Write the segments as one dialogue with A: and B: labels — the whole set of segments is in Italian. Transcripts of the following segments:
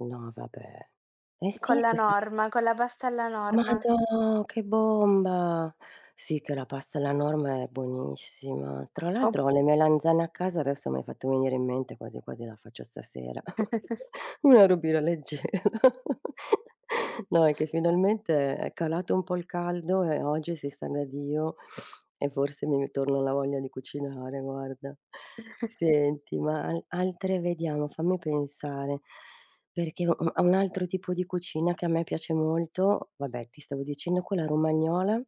A: No vabbè. Eh si
B: Con
A: è
B: la
A: questa
B: norma, con la pasta alla norma.
A: madò che bomba! Sì che la pasta alla norma è buonissima. Tra
B: Op
A: l'altro ho le melanzane a casa adesso mi hai fatto venire in mente quasi quasi la faccio stasera.. Una robina leggera. No è che finalmente è calato un po' il caldo e oggi si sta da Dio e forse mi ritorna la voglia di cucinare guarda. Senti ma hai altre vediamo fammi pensare, perché u a un altro tipo di cucina che a me piace molto vabbè ti stavo dicendo quella romagnola,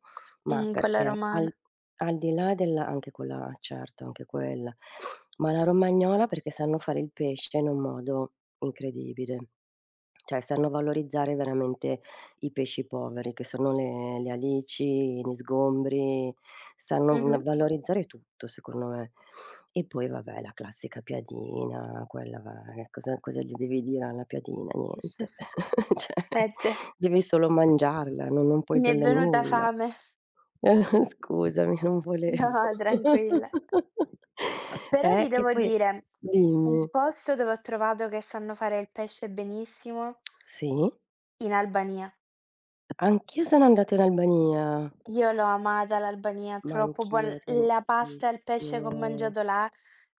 A: ma
B: Mh, quella
A: perché
B: romana.
A: al al di là della anche quella eh certo anche quella, ma la romagnola perché sanno fare il pesce in un modo incredibile. Cioè sanno valorizzare veramente i pesci poveri che sono le le alici, gli sgombri, sanno va
B: Mh-mh.
A: valorizzare tutto secondo me. E poi vabbè la classica piadina quella va che cosa cosa gli devi dire alla piadina, niente. Cioè
B: Eh ce
A: devi solo mangiarla, n non puoi
B: Mi è
A: dirle
B: venuta
A: nulla.
B: fame.
A: Scusami, non volevo
B: No, tranquilla. Però ti
A: Eh, che
B: devo
A: poi e
B: dire un
A: dimmi.
B: posto dove ho trovato che sanno fare il pesce benissimo
A: Sì?
B: in Albania.
A: Anch'io sono andata in Albania.
B: Io l'ho amata l'Albania,
A: Ma
B: troppo buon
A: anch'io
B: l la pasta e il pesce che ho
A: tantissimo.
B: mangiato là,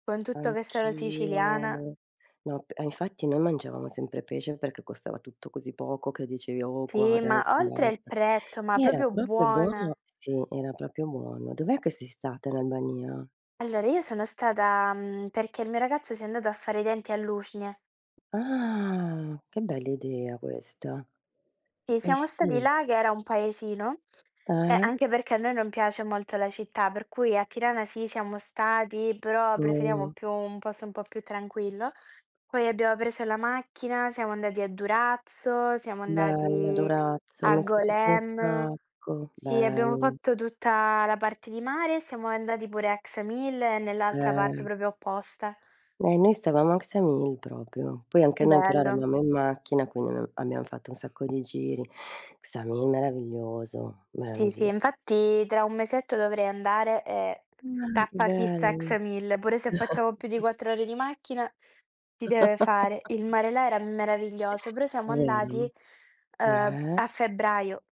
B: con tutto che sono siciliana.
A: Anch'io No, p e infatti noi mangiavamo sempre pesce perché costava tutto così poco che dicevi:" Oh qua
B: Sì, ma
A: adesso
B: oltre il
A: basta!"
B: prezzo, ma
A: Era
B: proprio
A: proprio
B: buona.
A: buono! Sì, era proprio buono. Dov'è che sei stata in Albania?
B: Allora io sono stata, mhmm, perché il mio ragazzo si è andato a fare i denti a Lushnjë.
A: Ah, che bell'idea questa.
B: Si,
A: Eh
B: siamo stati
A: si.
B: là che era un paesino e
A: Eh.
B: anche perché a noi non piace molto la città per cui a Tirana sì siamo stati però preferiamo
A: Mh.
B: più un posto un po' più tranquillo. Poi abbiamo preso la macchina, siamo andati a Durazzo, siamo
A: Bella
B: andati
A: Durazzo,
B: a
A: mi è piaciuta un
B: Golem.
A: sacco,
B: Sì, abbiamo
A: bella.
B: fatto tutta la parte di mare e siamo andati pure a Ksamil e nell'altra parte
A: Eh.
B: proprio opposta.
A: E noi stavamo a Ksamil proprio. Poi anche noi però
B: Bello.
A: eravamo in macchina quindi ab abbiam fatto un sacco di giri. Ksamil meraviglioso,
B: Sì, sì
A: meraviglioso.
B: infatti tra un mesetto dovrei andare e
A: Ma che
B: tappa fissa a
A: belli.
B: Ksamil, pure se facciamo più di 4 ore di macchina si deve fare. Il mare là era
A: È
B: meraviglioso, però siamo
A: vero?
B: andati, ehm, a
A: Eh.
B: febbraio.